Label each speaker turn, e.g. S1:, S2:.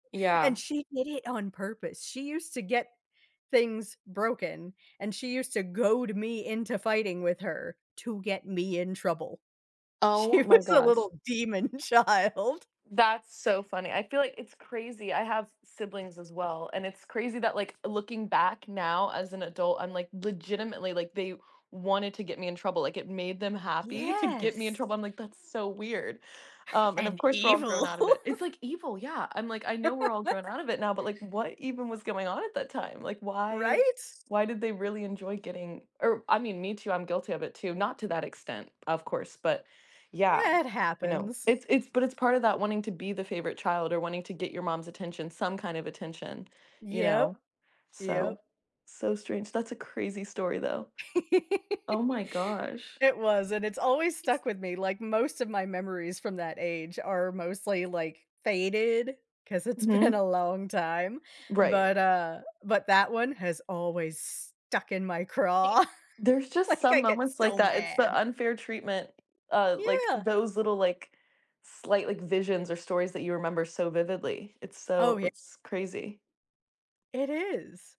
S1: And
S2: Yeah.
S1: she did it on purpose, she used to get things broken, and she used to goad me into fighting with her to get me in trouble. She
S2: Oh my
S1: was a
S2: gosh.
S1: little demon child.
S2: That's so funny, I feel like it's crazy. I have siblings as well, and it's crazy that like, looking back now as an adult, I'm like, legitimately, like, they wanted to get me in trouble, like, it made them happy to get me in
S1: Yes!
S2: trouble. I'm like, "That's so weird." Um, and of
S1: And
S2: course we're all grown
S1: evil.
S2: out of it. It's like evil, yeah, I'm like, "I know we're all grown out of it now, but like, what even was going on at that time?" Like, why
S1: Right.
S2: why did they really enjoy getting or, I mean, me too, I'm guilty of it too, not to that extent, of course, but yeah,
S1: Meh, it
S2: you know.
S1: happens.
S2: It's it's but it's part of that wanting to be the favorite child or wanting to get your mom's attention, some kind of attention, you
S1: Yep,
S2: know? So,
S1: yep.
S2: so strange. That's a crazy story though. Oh my gosh.
S1: It was and it's always stuck with me, like most of my memories from that age are mostly like faded, 'cause it's been
S2: Mhm.
S1: a long time.
S2: Right.
S1: But, uh but that one has always stuck in my craw,
S2: There's just
S1: like
S2: some
S1: I get
S2: moments like
S1: so
S2: that, it's the
S1: mad!
S2: unfair treatment, uh, like
S1: Yeah.
S2: those little like, slight, like, visions or stories that you remember so vividly. It's
S1: Oh
S2: so
S1: ye
S2: it's crazy.
S1: It is.